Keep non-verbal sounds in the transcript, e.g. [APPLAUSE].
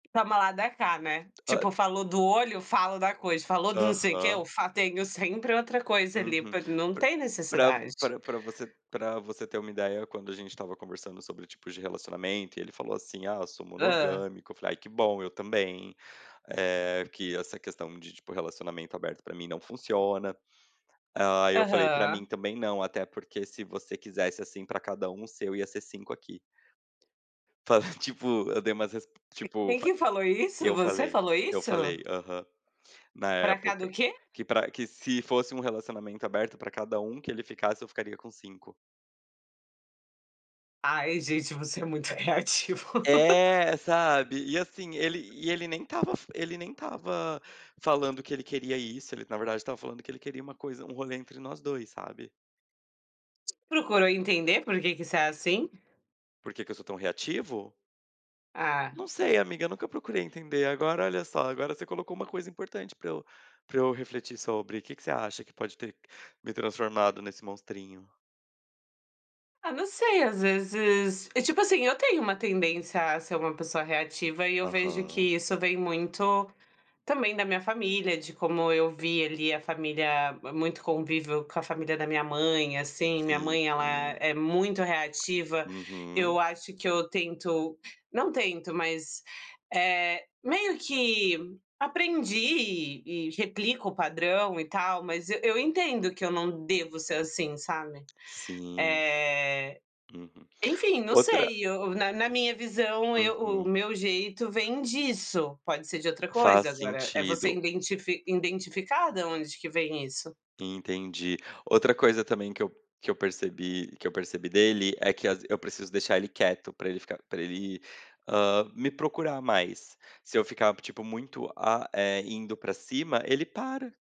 Toma lá dá cá, né, tipo Hã. falou do olho, fala da coisa, falou do não sei o que, eu Aham. fa tenho sempre outra coisa ali Uhum, p não p tem pra necessidade. pra você pra você ter uma ideia, quando a gente estava conversando, sobre tipos de relacionamento e ele falou, assim, ah, eu sou Hã. monogâmico, falei: "Ai que bom eu também," eh, que essa questão, de tipo relacionamento aberto, pra mim não funciona, hã, aí eu falei pra Aham. mim, também não, até porque se você quisesse, assim, pra cada 1 seu, ia ser 5 aqui. Falei tipo, eu dei umas resp Que tipo quem fa que falou isso? eu Você falei, falou eu isso? falei, aham, na Pra cada o época, quê? que pra que se fosse um relacionamento aberto, pra cada 1 que ele ficasse, eu ficaria com 5. Ai gente, você é muito reativo. [LAUGHS] É, sabe, e, assim, ele, e ele nem estava f ele nem estava falando, que ele queria isso, ele na verdade estava falando, que ele queria uma coisa, um rolê entre nós 2, sabe. Procurou entender, por que que você é assim? Por que que eu sou tão reativo? É. Não sei amiga, nunca procurei entender, agora olha só, agora você colocou uma coisa importante, pra eu pra eu refletir sobre. O que que você acha, que pode ter me transformado nesse "monstrinho?" Ah não sei, às vezes, e tipo, assim, eu tenho uma tendência, a ser uma pessoa reativa, e eu vejo Aham. que isso, vem muito também, da minha família, de como eu vi ali, a família muito convívio com a família, da minha mãe, assim, minha Sim mãe ela sim, é muito reativa. uhum. Eu acho que eu tento não tento mas, eh, meio que aprendi e e replico o padrão e tal, mas e eu entendo, que eu não devo ser, assim, sabe, Sim. eh, Uhum, enfim, não outra sei, o eu na na minha visão, eu o Uhum. meu jeito vem disso, pode ser de outra Faz coisa agora, é você sentido. identifi identificar da onde que vem isso. Entendi. Outra coisa também, que eu que eu percebi que eu percebi dele é que, às eu preciso deixar ele quieto, pra ele ficar pra ele, ham, me procurar mais, se eu ficar tipo, muito, hã, eh, indo pra cima, ele para.